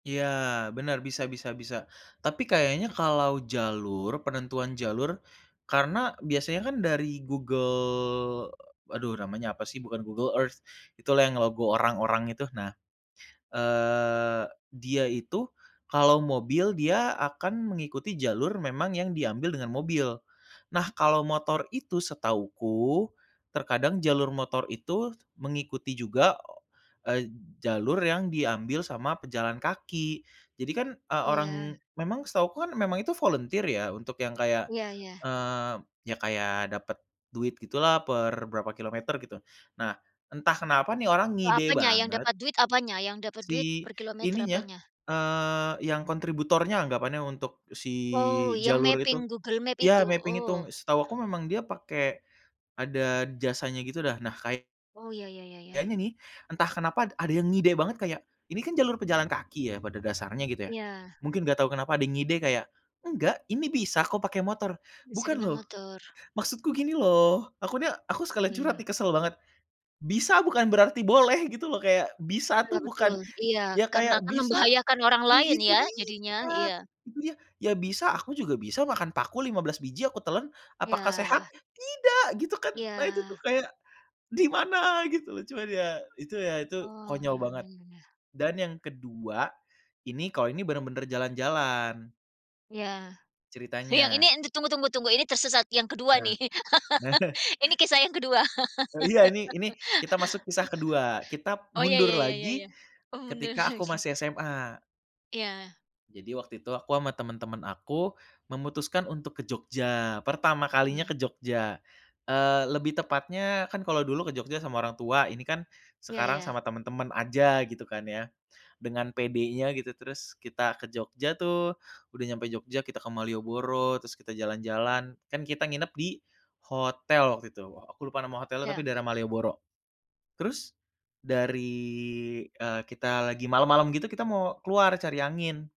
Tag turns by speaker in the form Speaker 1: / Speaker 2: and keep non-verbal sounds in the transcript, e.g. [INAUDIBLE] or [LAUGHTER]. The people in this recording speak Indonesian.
Speaker 1: Iya, benar, bisa bisa bisa. Tapi kayaknya kalau jalur penentuan jalur, karena biasanya kan dari Google aduh namanya apa sih, bukan Google Earth itulah yang logo orang-orang itu. Nah, eee, dia itu kalau mobil, dia akan mengikuti jalur memang yang diambil dengan mobil. Nah, kalau motor itu setahuku, terkadang jalur motor itu mengikuti juga, eee, jalur yang diambil sama pejalan kaki. Jadi kan, eee,
Speaker 2: Oh ya.
Speaker 1: orang memang setahuku kan memang itu volunter ya, untuk yang kayak,
Speaker 2: Iya iya.
Speaker 1: eee, ya kayak dapet duit gitulah per berapa kilometer gitu. Nah, entah kenapa nih orang
Speaker 2: Oh,
Speaker 1: ngide
Speaker 2: apanya, yang
Speaker 1: banget
Speaker 2: dapat duit apanya? Yang dapat duit
Speaker 1: si
Speaker 2: per kilometer
Speaker 1: ininya,
Speaker 2: apanya?
Speaker 1: eee, yang kontributornya anggapannya untuk si
Speaker 2: Oh yang
Speaker 1: jalur itu.
Speaker 2: mapping Google Map
Speaker 1: Ya
Speaker 2: itu?
Speaker 1: mapping itu,
Speaker 2: Oh.
Speaker 1: setahu aku memang dia pakai, ada jasanya gitu dah. Nah, kay
Speaker 2: Oh, ya ya ya ya.
Speaker 1: kayaknya nih, entah kenapa ada yang ngide banget kayak, ini kan jalur pejalan kaki ya, pada dasarnya gitu ya.
Speaker 2: Iya.
Speaker 1: Mungkin nggak tahu kenapa ada ngide kayak, "Enggak, ini bisa kok pakai motor",
Speaker 2: Bisa
Speaker 1: "bukan
Speaker 2: dengan
Speaker 1: loh,
Speaker 2: motor.
Speaker 1: maksudku gini loh," aku nya aku
Speaker 2: Oh
Speaker 1: sekali curhat nih
Speaker 2: iya.
Speaker 1: kesel banget. Bisa bukan berarti boleh gitu loh kayak, bisa
Speaker 2: Iya,
Speaker 1: tuh bukan
Speaker 2: betul. Iya,
Speaker 1: ya
Speaker 2: karena
Speaker 1: kayak
Speaker 2: akan
Speaker 1: bisa
Speaker 2: membahayakan orang
Speaker 1: nah
Speaker 2: lain
Speaker 1: itu
Speaker 2: ya
Speaker 1: dia,
Speaker 2: jadinya.
Speaker 1: tapi dia
Speaker 2: Iya.
Speaker 1: itu dia, ya bisa aku juga bisa makan paku 15 biji aku telen, apakah sehat?
Speaker 2: Iya.
Speaker 1: Tidak, gitu kan. Nah itu kan
Speaker 2: Iya.
Speaker 1: kayak, di mana gitu, cuman ya, itu ya itu,
Speaker 2: Oh,
Speaker 1: konyol
Speaker 2: ya,
Speaker 1: banget.
Speaker 2: ya ya ya.
Speaker 1: Dan yang kedua, ini kalau ini benar-benar jalan-jalan.
Speaker 2: Iya, yang ini
Speaker 1: Ceritanya.
Speaker 2: tunggu tunggu tunggu, ini tersesat yang kedua
Speaker 1: Nah
Speaker 2: nih,
Speaker 1: nah.
Speaker 2: [LAUGHS] ini kisah yang kedua.
Speaker 1: Oh iya, ini ini
Speaker 2: [LAUGHS]
Speaker 1: kita masuk kisah kedua, kita
Speaker 2: Oh, ya
Speaker 1: mundur
Speaker 2: ya ya ya
Speaker 1: lagi,
Speaker 2: ya. Oh benar,
Speaker 1: ketika aku
Speaker 2: oke.
Speaker 1: masih SMA.
Speaker 2: Iya.
Speaker 1: Jadi waktu itu aku sama teman-teman aku memutuskan untuk ke Jogja, pertama kalinya ke
Speaker 2: Iya.
Speaker 1: Jogja. Eee, lebih tepatnya, kan kalo dulu ke Jogja sama orang tua, ini kan
Speaker 2: Iya
Speaker 1: sekarang sama
Speaker 2: iya.
Speaker 1: teman-teman aja, gitu kan ya. Dengan pedenya gitu terus kita ke Jogja tuh, udah nyampe Jogja, kita ke Malioboro, terus kita jalan-jalan. Kan kita nginep di hotel waktu itu, aku lupa nama hotelnya tapi
Speaker 2: Iya.
Speaker 1: daerah Malioboro. Terus dari, eee, kita lagi malam-malam gitu, kita mau keluar cari angin